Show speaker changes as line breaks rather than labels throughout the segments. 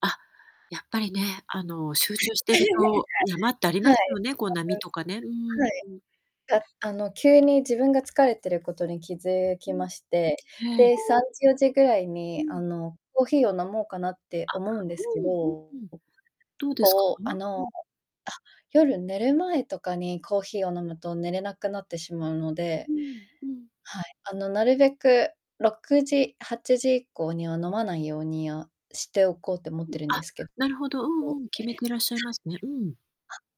あ、やっぱりね、あの、集中してると山っ
はい、
てありますよね、こう波とかね。うー
は
ん、
い。
うん。
あの、急に自分が疲れてることに気づ
う
き
ん。
まして、
え
で、
え。
3時、4時ぐらい
う
に、あ
ん。
の、コーヒーを飲もうかなって
あ、
思うんですけ
うん
ど、
うん。どうですか？
こう、あ
う
の、あ、
ん。
夜寝る前とかにコーヒーを飲むと寝れなくなってしまうので
うんうん。
はい、あの、なるべく6時、8時以降には飲まないようにはしておこうって思ってるんで
あ、
すけど。
なるほど、う
あ、
んうん、決めてらっしゃいますね。うん。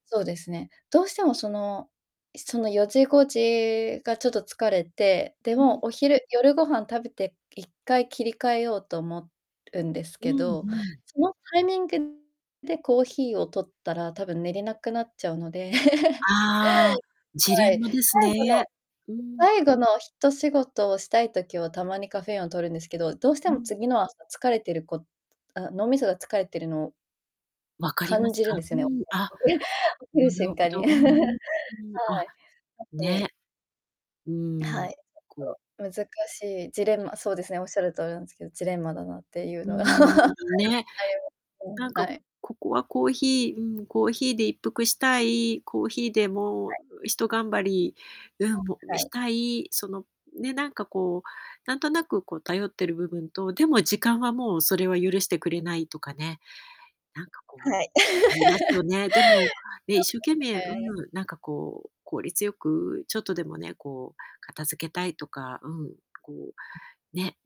そうですね。どうしても、そのその4時5時がちょっと疲れて、で、
う
もう、
ん。
お昼夜ご飯食べて一回切り替えようと思うんです
う
け
んう
ど、
ん。
そのタイミングでコーヒーを摂ったら多分寝れなくなっちゃうので
ああ、ジ
は
レン
い。
マ
最
です
後の
ね。うーん。
最後のひと仕事をしたい時は、たまにカフェインを摂るんですけど、どうして
う
も
ん。
次の朝疲れてるこあ、脳みそが疲れてるのを
わかりま
感
す
じるん
か？
です
うー
よね、
ん。あ、
起き
な
る
る
瞬
ほ
間
ど、
に。
うーん。
は
あ、
い。
ね。うーん、
はい。
こう
ちょっと難しいジレンマそうですね、おっしゃる通りなんですけど、ジレンマだなってい
う
う
ー
のが。
ん、ね。
うん、
なん
は
か
い。
ここはコーヒーうん、コーヒーで一服したい、コーヒーでも
は
う
い。
ひと頑張り、うん、も、
は
し
い。
たい、そのね、なんか、こう、なんとなく、こう、頼ってる部分と、でも時間はもうそれは許してくれないとかね。なんか、こう、
はい。
ありますよ ね。でも、ね、
そ
一
う
生懸命う
ですね。
ん、なんか、こう、効率よく、ちょっとでもね、こう、片付けたいとか、うん、こう、ね、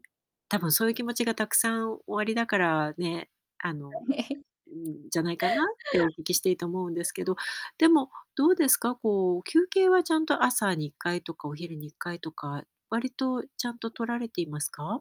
多分そういう気持ちがたくさんおありだからね、あの、ん、じゃないかなってお聞きしていて思うんですけど。でも、どうですか、こう、休憩はちゃんと朝に1回とかお昼に1回とか、割とちゃんと取られていますか？